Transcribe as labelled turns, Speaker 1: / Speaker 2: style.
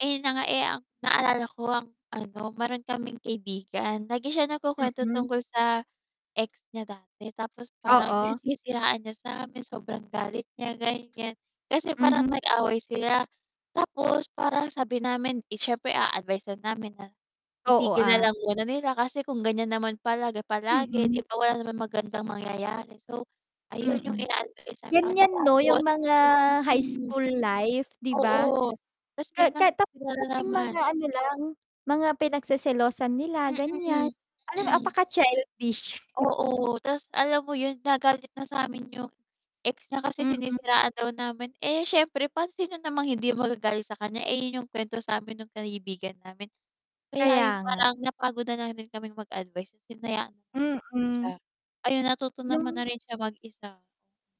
Speaker 1: Eh, yun na nga. Eh, ang naalala ko ang ano, meron kaming kaibigan lagi siya nagkukuwento
Speaker 2: Mm.
Speaker 1: tungkol sa ex niya dati tapos parang yung
Speaker 2: Oo.
Speaker 1: sinisiraan niya samin sobrang galit niya, ganiyan. Kasi parang
Speaker 2: Mhm.
Speaker 1: nag-away sila tapos parang sabi namin, 'di siyempre aadvice-an namin na
Speaker 2: Oo,
Speaker 1: itigil
Speaker 2: ah.
Speaker 1: nalang muna nila kasi kung ganyan naman palagi-palagi 'di
Speaker 2: Mm.
Speaker 1: ba, wala naman magandang mangyayari. So ayun yung
Speaker 2: Mm,
Speaker 1: ina-advice sa kaniya
Speaker 2: ganiyan ‘no yung
Speaker 1: tapos
Speaker 2: mga high
Speaker 1: mm.
Speaker 2: school life 'di ba.
Speaker 1: Oo, 'tas
Speaker 2: Ka ka
Speaker 1: biglang
Speaker 2: tapos
Speaker 1: sila
Speaker 2: konting
Speaker 1: nanaman.
Speaker 2: mga ano lang mga pinagseselosan nila ganiyan,
Speaker 1: Mm,
Speaker 2: alam mo
Speaker 1: mm.
Speaker 2: apaka childish.
Speaker 1: Oo, 'tas alam mo yun nagalit na saamin yung ex niya kasi
Speaker 2: Mm.
Speaker 1: sinisiraan daw namin, eh, siyempre pa sino namang hindi magagalit sa kaniya, eh, yun yung kwento samin nung kaibigan namin. Kaya
Speaker 2: Kaya
Speaker 1: yung
Speaker 2: nga.
Speaker 1: parang napagod na lang rin kaming mag-advice hinayaan siya.
Speaker 2: Mm.
Speaker 1: Ayun natuto naman
Speaker 2: Yung
Speaker 1: na rin siya mag-isa.